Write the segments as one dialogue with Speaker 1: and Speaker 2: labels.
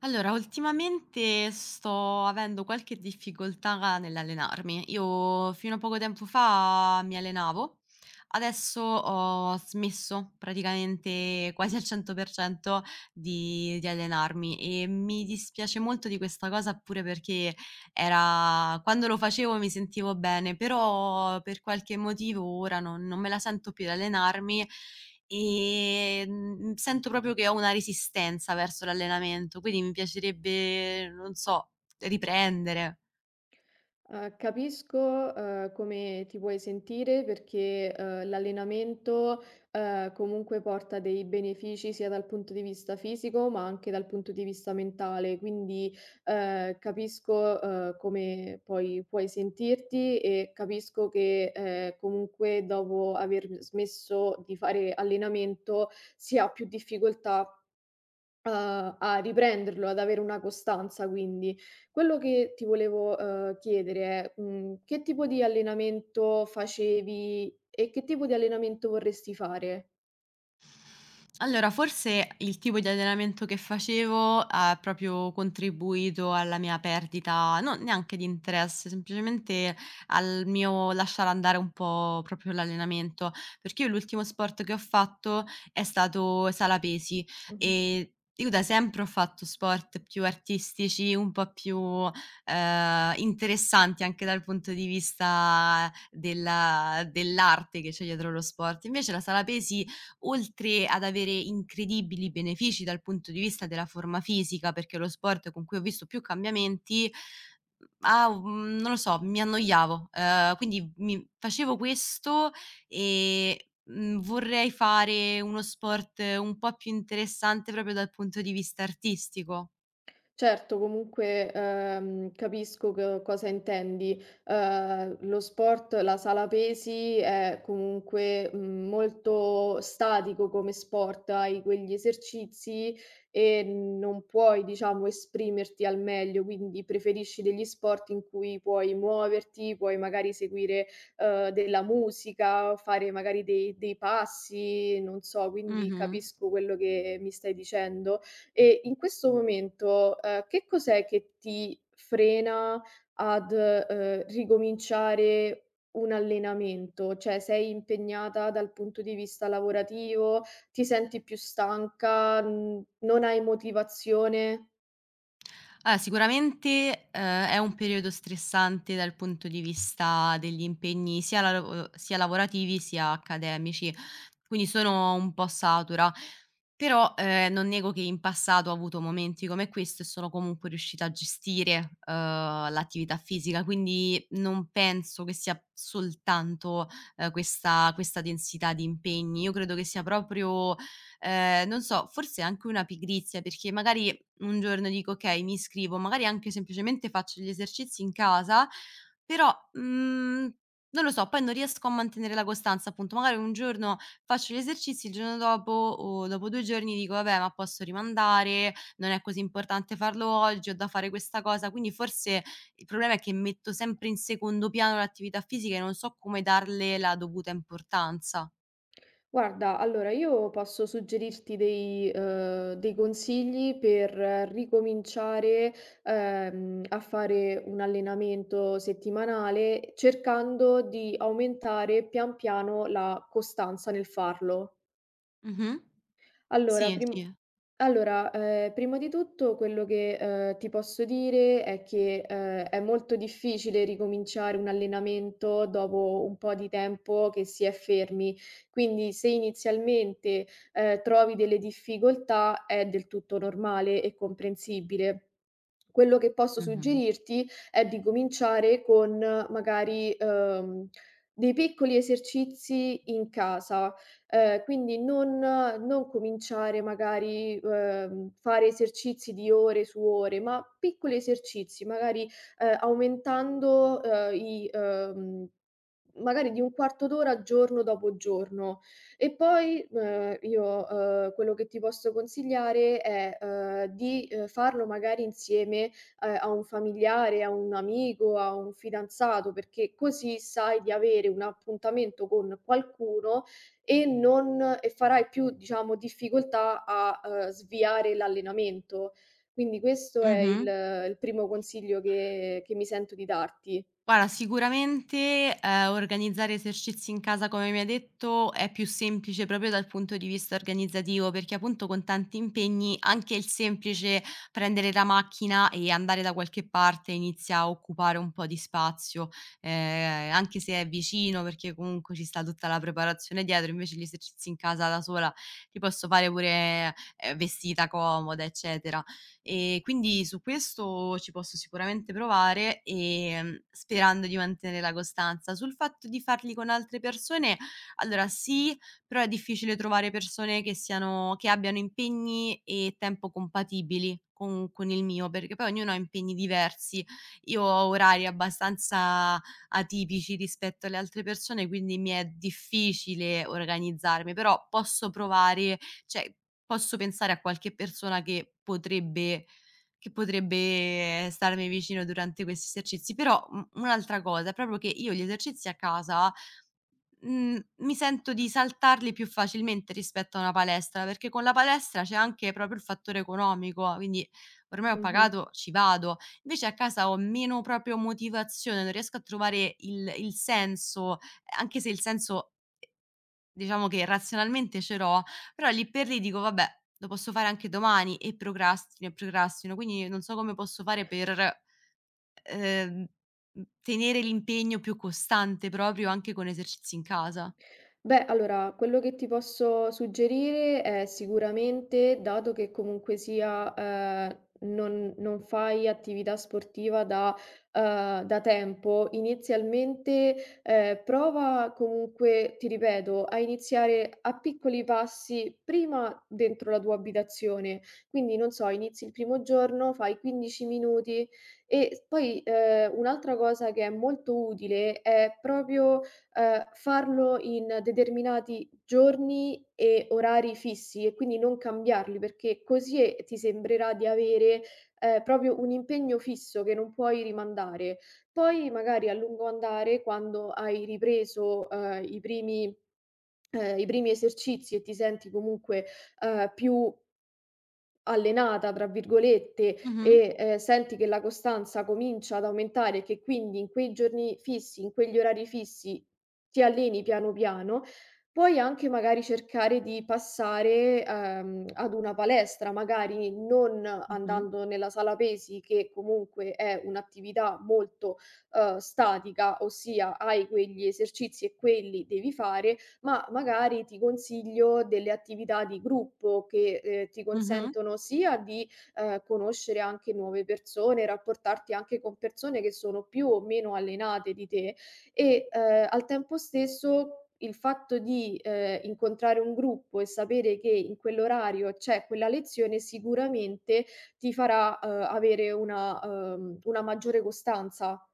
Speaker 1: Allora, ultimamente sto avendo qualche difficoltà nell'allenarmi. Io fino a poco tempo fa mi allenavo, adesso ho smesso, praticamente quasi al 100% di di allenarmi e mi dispiace molto di questa cosa, pure perché era quando lo facevo mi sentivo bene, però per qualche motivo ora non non me la sento più e allenarmi, ehm, sento proprio che ho una resistenza verso l'allenamento, quindi m piacerebbe, non so, riprendere.
Speaker 2: Uhm, capisco, uhm, come ti puoi sentire perché, uhm, l'allenamento, uhm, comunque porta dei benefici, sia dal punto di vista fisico, ma anche dal punto di vista mentale quindi, ehm, capisco, uhm, come puoi puoi sentirti e capisco che, ehm, comunque, dopo aver smesso di fare allenamento, si ha più difficoltà a a riprenderlo, ad avere una costanza quindi; quello che ti volevo, uhm, chiedere è, mhmm, che tipo di allenamento facevi e che tipo di allenamento vorresti fare?
Speaker 1: Allora, forse, il tipo di allenamento che facevo ha proprio contribuito alla mia perdita, non neanche di interesse, semplicemente al mio lasciar andare un po' proprio l'allenamento, perché io l'ultimo sport che ho fatto è stato sala pesi
Speaker 2: Mh-mh.
Speaker 1: e io da sempre ho fatto sport più artistici, un po' più, ehm, interessanti anche dal punto di vista della dell'arte che c'è dietro lo sport. Invece la sala pesi, oltre ad avere incredibili benefici dal punto di vista della forma fisica, perché è lo sport con cui ho visto più cambiamenti,, ha u mhmm, non lo so, mi annoiavo, ehm, quindi mi facevo questo e, mhmm, vorrei fare uno sport un po' più interessante, proprio dal punto di vista artistico.
Speaker 2: Certo, comunque, ehm, capisco co cosa intendi, uhm, lo sport, la sala pesi è comunque, mhmm, molto statico come sport, hai quegli esercizi e non puoi, diciamo, esprimerti al meglio, quindi preferisci degli sport in cui puoi muoverti, puoi magari seguire, uhm, della musica o fare magari dei dei passi, non so, quindi
Speaker 1: Mh-mh.
Speaker 2: capisco quello che mi stai dicendo e, in questo momento, uhm, che cos'è che ti frena ad, uhm, ricominciare un allenamento, cioè sei impegnata dal punto di vista lavorativo, ti senti più stanca, mhmm, non hai motivazione?
Speaker 1: Ah, sicuramente, uhm, è un periodo stressante dal punto di vista degli impegni, sia la lav uhm, sia lavorativi, sia accademici, quindi sono un po' satura, però, ehm, non nego che in passato ho avuto momenti come questo e sono comunque riuscita a gestire, uhm, l'attività fisica, quindi non penso che sia soltanto, ehm, questa questa densità di impegni, io credo che sia proprio, ehm, non so, forse anche una pigrizia, perché magari un giorno dico: "Okay, mi iscrivo," magari anche semplicemente faccio gli esercizi in casa, però, mhmm, non lo so, poi non riesco a mantenere la costanza appunto, magari un giorno faccio gli esercizi, il giorno dopo o dopo 2 giorni dico: "Vabbè, ma posso rimandare, non è così importante farlo oggi, ho da fare questa cosa," quindi forse il problema è che metto sempre in secondo piano l'attività fisica e non so come darle la dovuta importanza.
Speaker 2: Guarda, allora io posso suggerirti dei uhm, dei consigli per ricominciare, ehm, a fare un allenamento settimanale, cercando di aumentare pian piano la costanza nel farlo.
Speaker 1: Mh-mh,
Speaker 2: Allora
Speaker 1: sì,
Speaker 2: prim
Speaker 1: sì.
Speaker 2: allora, ehm, prima di tutto quello che, uhm, ti posso dire è che, uhm, è molto difficile ricominciare un allenamento dopo un po' di tempo che si è fermi. Quindi se inizialmente, uhm, trovi delle difficoltà è del tutto normale e comprensibile. Quello che posso
Speaker 1: Mh-mh.
Speaker 2: suggerirti è di cominciare con magari, uhm, dei piccoli esercizi in casa, uhm, quindi non non cominciare magari, uhm, fare esercizi di ore su ore ma piccoli esercizi magari, uhm, aumentando, uhm, i uhm, magari di un quarto d'ora, giorno dopo giorno, e poi, ehm, io, uhm, quello che ti posso consigliare è, uhm, di, uhm, farlo magari insieme, ehm, a un familiare, a un amico, a un fidanzato, perché così sai di avere un appuntamento con qualcuno e non e farai più, diciamo difficoltà, a, uhm, sviare l'allenamento. Quindi questo è il
Speaker 1: Mh-mh.
Speaker 2: il primo consiglio che che mi sento di darti.
Speaker 1: Guarda sicuramente, ehm, organizzare esercizi in casa come mi hai detto è più semplice proprio dal punto di vista organizzativo, perché a punto, con tanti impegni, anche il semplice prendere la macchina e andare da qualche parte inizia a occupare un po' di spazio, ehm, anche se è vicino, perché comunque ci sta tutta la preparazione dietro, invece gli esercizi in casa da sola, ti posso fare pure, ehm, vestita comoda, eccetera; ehm, quindi, su questo, ci posso sicuramente provare, ehm, sperando di mantenere la costanza; sul fatto di farli con altre persone, allora, sì, però è difficile trovare persone che siano che abbiano impegni e tempo compatibili con con il mio, perché poi ognuno ha impegni diversi. Io ho orari abbastanza atipici rispetto alle altre persone quindi mi è difficile organizzarmi, però posso provare, cioè posso pensare a qualche persona che potrebbe che potrebbe starmi vicino durante questi esercizi, però u un'altra cosa è proprio che io gli esercizi a casa, mhmm, mi sento di saltarli più facilmente rispetto a una palestra, perché con la palestra c'è anche proprio il fattore economico, quindi ormai ho
Speaker 2: Mh-mh.
Speaker 1: pagato, ci vado. Vece a casa ho meno, proprio, motivazione, non riesco a trovare il il senso, ehm, anche se il senso diciamo che razionalmente ce l'ho, però lì per lì dico: "Vabbè, lo posso fare anche domani" e procrastino e procrastino, quindi non so come posso fare per, ehm, mhmm, tenere l'impegno più costante proprio, anche con esercizi in casa.
Speaker 2: Beh, allora, quello che ti posso suggerire è sicuramente, dato che comunque sia, ehm, non non fai attività sportiva da uhm, da tempo, inizialmente, ehm, prova, comunque, ti ripeto, a iniziare a piccoli passi, prima dentro la tua abitazione, quindi non so, inizi il primo giorno, fai 15 minuti e s poi, ehm, un'altra cosa che è molto utile, è proprio, uhm, farlo in determinati giorni e orari fissi e quindi non cambiarli, perché così e ti sembrerà di avere, ehm, proprio un impegno fisso che non puoi rimandare, poi magari a lungo andare, quando hai ripreso, ehm, i primi ehm, i primi esercizi e ti senti comunque, ehm, più "allenata", tra virgolette,
Speaker 1: Mh-mh.
Speaker 2: e, ehm, senti che la costanza comincia ad aumentare e che quindi in quei giorni fissi, in quegli orari fissi, ti alleni piano piano, puoi anche, magari, cercare di passare, uhm, ad una palestra, magari non
Speaker 1: Mh-mh.
Speaker 2: andando nella sala pesi, che comunque è un'attività molto, uhm, statica, ossia hai quegli esercizi e quelli devi fare, ma magari ti consiglio delle attività di gruppo che, ehm, ti
Speaker 1: Mh-mh.
Speaker 2: consentono sia di, uhm, conoscere anche nuove persone, rapportarti anche con persone che sono più o meno allenate di te e, uhm, al tempo stesso il fatto di, ehm, incontrare un gruppo e sapere che in quell'orario c'è quella lezione sicuramente ti farà, uhm, avere una uhm, una maggiore costanza.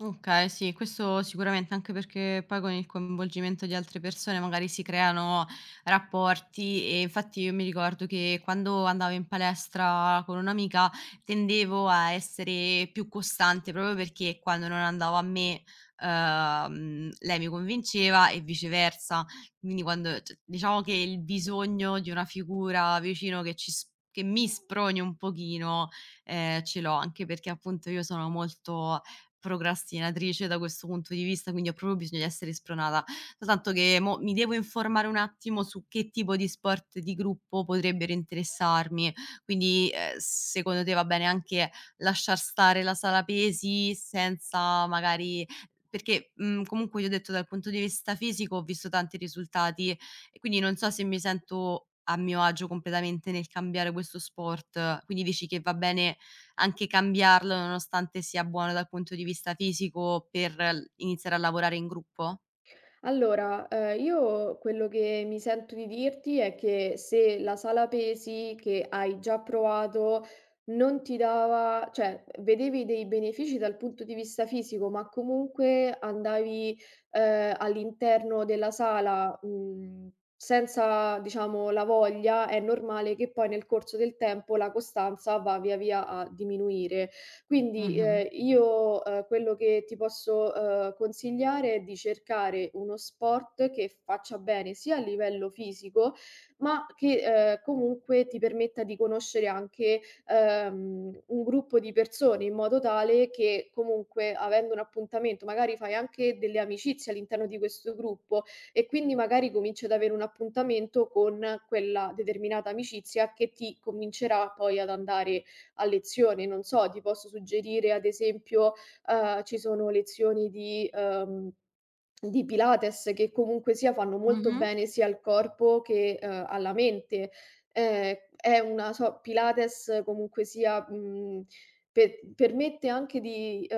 Speaker 1: Okay sì, questo sicuramente, anche perché poi con il coinvolgimento di altre persone magari si creano rapporti e infatti io mi ricordo che, quando andavo in palestra con un'amica, tendevo a essere più costante proprio perché quando non andava a me, uhm, lei mi convinceva e viceversa, quindi quando, c diciamo che il bisogno di una figura vicino che ci s che mi sproni un pochino, ehm, ce l'ho, anche perché, appunto, io sono molto procrastinatrice da questo punto di vista, quindi ho proprio bisogna essere spronata, soltanto che mo mi devo informare un attimo su che tipo di sport di gruppo potrebbero interessarmi, quindi, ehm, secondo te va bene anche lasciar stare la sala pesi, senza magari perché, mhmm, comunque io ho detto, dal punto di vista fisico ho visto tanti risultati e quindi non so se mi sento a mio agio completamente nel cambiare questo sport, quindi dici che va bene anche cambiarlo, nonostante sia buono dal punto di fisico per l iniziare a lavorare in gruppo?
Speaker 2: Allora, uhm, io, quello che mi sento di dirti è che se la sala pesi, che hai già provato, non ti dava cioè, vedevi dei benefici dal punto di vista fisico ma comunque andavi, uhm, all'interno della sala, mhmm, senza, diciamo, la voglia, è normale che poi nel corso del tempo la costanza va via via a diminuire. Quindi
Speaker 1: Mh-mh.
Speaker 2: ehm, io, uhm, quello che ti posso, uhm, consigliare, è di cercare uno sport che faccia bene sia a livello fisico ma che, ehm, comunque ti permetta di conoscere anche, ehm, un gruppo di persone, in modo tale che comunque, avendo un appuntamento, magari fai anche delle amicizie all'interno di questo gruppo e quindi magari cominci ad avere un appuntamento con quella determinata amicizia, che ti convincerà poi ad andare a lezione, non so, ti posso suggerire ad esempio, uhm, ci sono lezioni di uhm, di Pilates, che comunque sia fanno molto
Speaker 1: Mh-mh.
Speaker 2: bene sia al corpo che, uhm, alla mente, ehm, è una so Pilates, comunque sia, mhmm, pe permette anche di uhm,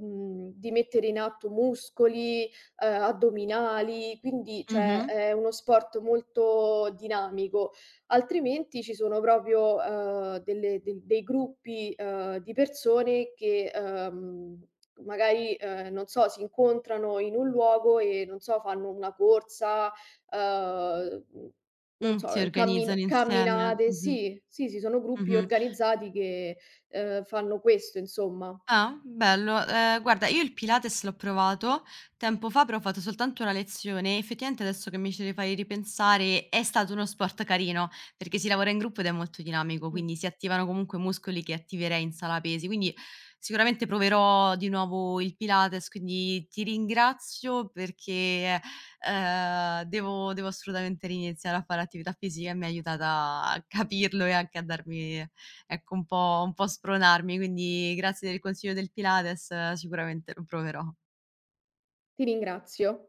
Speaker 2: mhmm, di mettere in atto muscoli, uhm, addominali, quindi, cioè
Speaker 1: Mh-mh.
Speaker 2: è uno sport molto dinamico, altrimenti ci sono proprio, uhm, delle del dei gruppi, uhm, di persone che, uhm, magari, ehm, non so, si incontrano in un luogo e non so, fanno una corsa, uhm, non
Speaker 1: Mh, si
Speaker 2: so,
Speaker 1: organizzano
Speaker 2: cammin
Speaker 1: insieme,
Speaker 2: camminate,
Speaker 1: mh-mh.
Speaker 2: sì, sì, sì, sono gruppi
Speaker 1: Mh-mh.
Speaker 2: organizzati che, ehm, fanno questo insomma.
Speaker 1: Ah, bello, ehm, guarda io il Pilates l'ho provato tempo fa, però ho fatto soltanto 1 lezione, effettivamente adesso che mi ci fai ripensare è stato uno sport carino, perché si lavora in gruppo ed è molto dinamico,
Speaker 2: Mh.
Speaker 1: quindi si attivano comunque muscoli che attiverei in sala pesi, quindi sicuramente proverò di nuovo il Pilates, quindi ti ringrazio perché è ehm, devo devo assolutamente ri-iniziare a fare attività fisica e mi ha aiutata a capirlo e anche a darmi ecco, un po' un po' spronarmi, quindi grazie del consiglio del Pilates, sicuramente lo proverò.
Speaker 2: Ti ringrazio.